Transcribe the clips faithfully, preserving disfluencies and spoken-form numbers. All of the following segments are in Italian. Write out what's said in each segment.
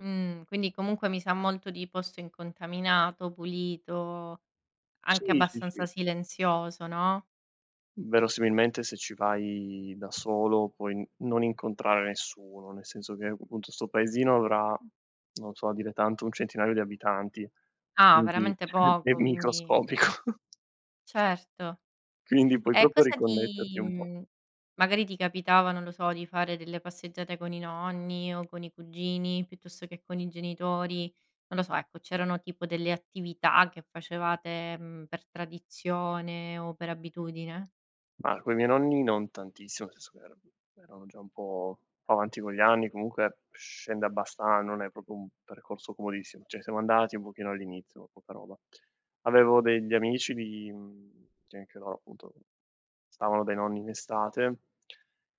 Mhmm, quindi comunque mi sa molto di posto incontaminato, pulito, anche Sì, sì, abbastanza sì. silenzioso, no? Verosimilmente se ci vai da solo, puoi non incontrare nessuno, nel senso che p punto 'sto paesino avrà, non so, dire tanto un centinaio di abitanti, Ah, quindi veramente è poco, quindi microscopico. Certo, Quindi puoi e proprio cosa riconnetterti ti un po'. mhmm, magari ti capitava, non lo so, di fare delle passeggiate con i nonni o con i cugini, piuttosto che con i genitori, non lo so, ecco, c'erano tipo delle attività che facevate, mhmm, per tradizione o per abitudine? Ma, coi miei nonni non tantissimo, nel senso che era erano già un po' avanti con gli anni, comunque scende abbasta non è propo un percorso comodissimo, ceh siamo andati un pochino all'inizio, ma poca roba. Avevo degli amici di uhm, che anche loro appunto, stavano dai nonni in estate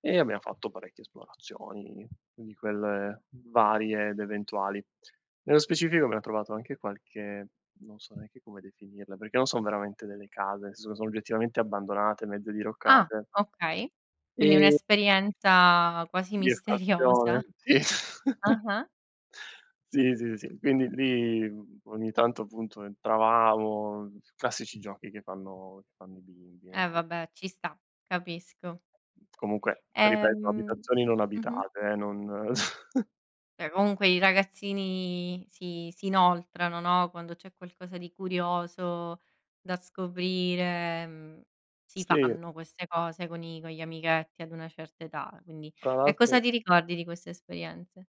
e abbiamo fatto parecchie esplorazioni, di quelle varie ed eventuali. Nello specifico abbiamo trovato anche qualche, non so neanche come definirle, perché non son veramente delle case, nel snso che sono oggettivamente abbandonate, mezze Ah diroccate. okay, quindi Ehm un'esperienza quasi Di misteriosa, effrazione, sì. ah-ah. Sì, sì, sì, quindi lì, mhmm, ogni tanto appunto entravamo, uhm, s classici giochi che fanno che fanno i bimbi eh, Eh sì. vabbè, ci sta, capisco. Comunque, ripeto, Ehm abitazioni non mh-mh. abitate eh, non Beh comunque, i ragazzini si si inoltrano, no, quando c'è qualcosa di curioso da scoprire, mhmm, si Sì. fanno queste cose con i con gli amichetti ad una certa età, quindi Tra E cosa l'altro ti ricordi di queste esperienze?